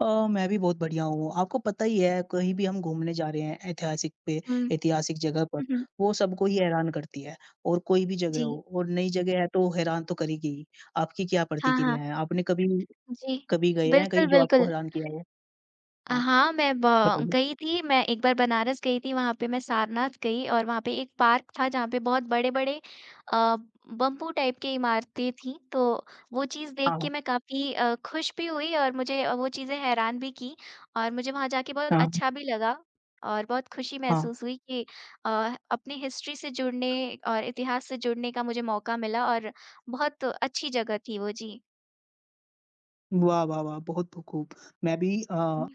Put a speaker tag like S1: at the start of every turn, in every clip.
S1: अ, मैं भी बहुत बढ़िया हूँ। आपको पता ही है कहीं भी हम घूमने जा रहे हैं ऐतिहासिक पे
S2: हुँ।
S1: ऐतिहासिक जगह पर,
S2: हुँ, हुँ।
S1: वो सबको ही हैरान करती है। और कोई भी जगह हो
S2: जी।
S1: और नई जगह है तो वो हैरान तो करेगी ही, आपकी क्या
S2: हाँ, हाँ।
S1: प्रतिक्रिया है? आपने कभी
S2: जी,
S1: कभी गए हैं
S2: बिल्कुल,
S1: कहीं जो आपको
S2: बिल्कुल।
S1: हैरान किया हो?
S2: अ,
S1: हाँ,
S2: हाँ, मैं ब
S1: बताइए।
S2: गई थी मैं एक बार बनारस गई थी वहाँ पे मैं सारनाथ गई और वहाँ पे एक पार्क था जहाँ पर बहुत बड़े-बड़े अ, बम्बू टाइप की इमारतें थी तो वो चीज़ देख
S1: हाँ,
S2: के
S1: हाँ।
S2: मैं काफ़ी अ, खुश भी हुई और मुझे वो चीज़ें हैरान भी कीं और मुझे वहाँ जाके बहुत
S1: हाँ, हाँ।
S2: अच्छा भी लगा और बहुत खुशी
S1: हाँ।
S2: महसूस हुई कि अ, अपनी हिस्ट्री से जुड़ने और इतिहास से जुड़ने का मुझे मौका मिला और बहुत अच्छी जगह थी वो। जी।
S1: वाह वाह वाह! बहुत, ब खूब। मैं भी अ
S2: हुँ।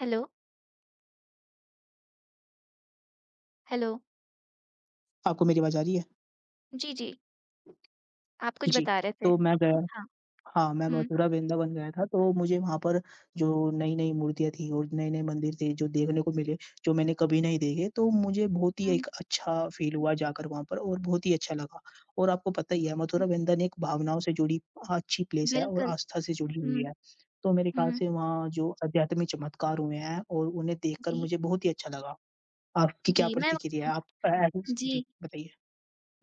S2: हेलो। हेलो।
S1: आपको मेरी आवाज़ आ रही है?
S2: जी, जी। आप कुछ
S1: जी,
S2: बता रहे थे।
S1: तो मैं गया
S2: हाँ,
S1: हाँ, मैं
S2: हुँ।
S1: मथुरा वृंदावन गया था तो मुझे वहाँ पर जो नई-नई मूर्तियाँ थी और नए-नए मंदिर थे जो देखने को मिले, जो मैंने कभी नहीं देखे तो मुझे बहुत ही
S2: हुँ।
S1: एक अच्छा फ़ील हुआ जाकर वहाँ पर और बहुत ही अच्छा लगा। और आपको पता ही है मथुरा
S2: हुँ।
S1: वृंदन एक भावनाओं से जुड़ी अच्छी प्लेस है और
S2: बिल्कुल,
S1: आस्था से जुड़ी हुई
S2: हुँ,
S1: है। तो मेरे ख्याल
S2: हुँ।
S1: से वहाँ जो अध्यात्मिक चमत्कार हुए हैं और उन्हें देखकर
S2: जी।
S1: मुझे बहुत ही अच्छा लगा। आपकी क्या
S2: जी, मैं व
S1: प्रतिक्रिया है आप अ अ, [unintelligible] जी,
S2: जी।
S1: बताइए।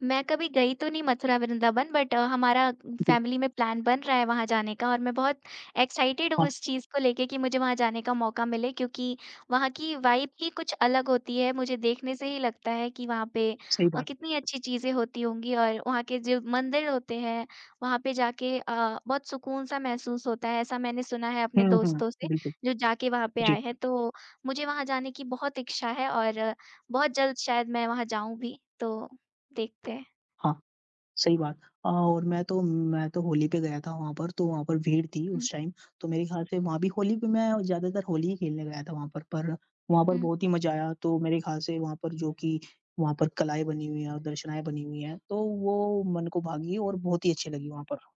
S2: मैं कभी गई तो नहीं मथुरा वृंदावन बट हमारा
S1: [unintelligible]
S2: फैमिली में प्लान बन रहा है वहाँ जाने का और मैं बहुत एक्साइटेड हूँ
S1: हाँ।
S2: इस चीज़ को लेके कि मुझे वहाँ जाने का मौका मिले क्योंकि वहाँ की वाइब ही कुछ अलग होती है मुझे देखने से ही लगता है कि वहाँ पे
S1: सही
S2: अ,
S1: बात
S2: कितनी अच्छी चीज़ें होती होंगी और वहाँ के जो मंदिर होते हैं, वहाँ पे जाके अ, बहुत सुकून सा महसूस होता है ऐसा मैंने सुना है अपने
S1: हुँ, हुँ।
S2: दोस्तों से,
S1: बिल्कुल,
S2: जो जाके वहाँ पे
S1: जी।
S2: आए हैं तो मुझे वहाँ जाने की बहुत इच्छा है और बहुत जल्द शायद मैं वहाँ जाऊँगी, तो देखते हैं।
S1: हाँ, सही बात। अ, और मैं तो मैं तो होली पे गया था वहाँ पर तो वहाँ पर भीड़ थी
S2: हुँ।
S1: उस टाइम तो मेरे ख्याल से वहाँ भी होली पे मैं ज़्यादातर होली ही खेलने गया था वहाँ पर पर वहाँ पर
S2: हुँ।
S1: बहुत ही मज़ा आया। तो मेरे ख्याल से वहाँ पर जो कि वहाँ पर कलाएँ बनी हुई है और दर्शनाएँ बनी हुई है, तो वो मन को भा गईं और बहुत ही अच्छी लगी वहाँ पर।